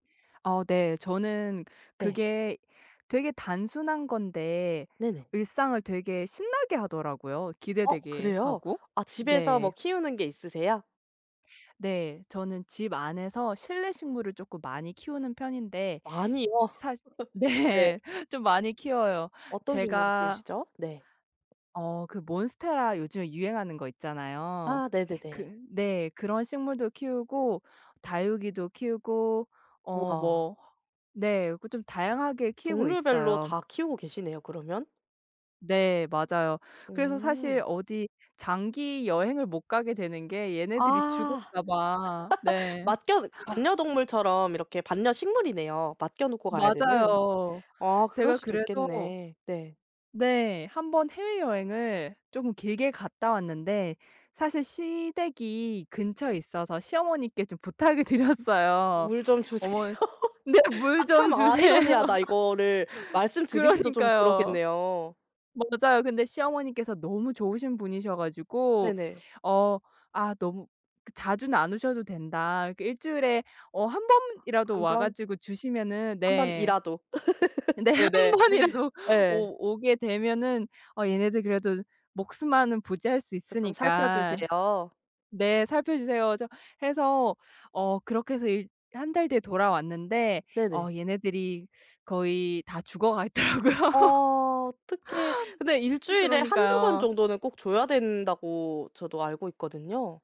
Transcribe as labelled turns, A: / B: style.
A: 아 네. 저는
B: 네.
A: 그게 되게 단순한 건데
B: 네네.
A: 일상을 되게 신나게 하더라고요,
B: 어
A: 기대되게
B: 그래요?
A: 하고.
B: 아 집에서 뭐
A: 네.
B: 키우는 게 있으세요?
A: 네. 저는 집 안에서 실내 식물을 쪼끔 많이 키우는 편인데
B: 많이요?
A: 사
B: 네.
A: 네. 좀 많이 키워요.
B: 어떤 식물을
A: 제가
B: 키우시죠? 네.
A: 어 그 몬스테라 요즘에 유행하는 거 있잖아요.
B: 아 네네네.
A: 그 네. 그런 식물도 키우고 다육이도 키우고 어
B: 우와.
A: 뭐 네. 그 좀 다양하게 키우고
B: 종류별로
A: 있어요.
B: 다 키우고 계시네요 그러면.
A: 네. 맞아요. 그래서
B: 음.
A: 사실 어디 장기 여행을 못 가게 되는 게 얘네들이
B: 아.
A: 죽을까 봐. 네.
B: 맡겨 반려동물처럼 이렇게 반려 식물이네요, 맡겨 놓고 가야 되는.
A: 맞아요.
B: 아 그럴
A: 제가
B: 수도
A: 그래서
B: 있겠네. 네.
A: 네. 1 번 해외여행을 쪼금 길게 갔다 왔는데 사실 시댁이 근처에 있어서 시어머니께 좀 부탁을 드렸어요.
B: 물 좀 주세요.
A: 어머 네 물
B: 아
A: 좀
B: 참
A: 주세요.
B: 아이러니하다. 이거를 말씀드리기도 좀
A: 그러니까요.
B: 그렇겠네요.
A: 맞아요. 근데 시어머니께서 너무 좋으신 분이셔 가지고
B: 네네.
A: 어 "아 너무 그 자주는 안 오셔도 된다. 이렇게 1 주일에 어 1 번이라도
B: 1
A: 와
B: 변?
A: 가지고 주시면은"
B: 1
A: 네.
B: 번이라도.
A: 네. 1
B: 네네.
A: 번이라도
B: 예.
A: 오 오게 되면은 어 얘네들 그래도 목숨만은 부지할 수
B: 쪼끔 살펴
A: 있으니까.
B: 주세요.
A: 네 "살펴 주세요." 저 해서 어 그렇게 해서 일 1 달 뒤에 돌아왔는데 어
B: 네네.
A: 얘네들이 거의 다 죽어가 있더라고요.
B: 어 어떡해. 근데 1 주일에 1-2 번
A: 그러니까요.
B: 정도는 꼭 줘야 된다고 저도 알고 있거든요.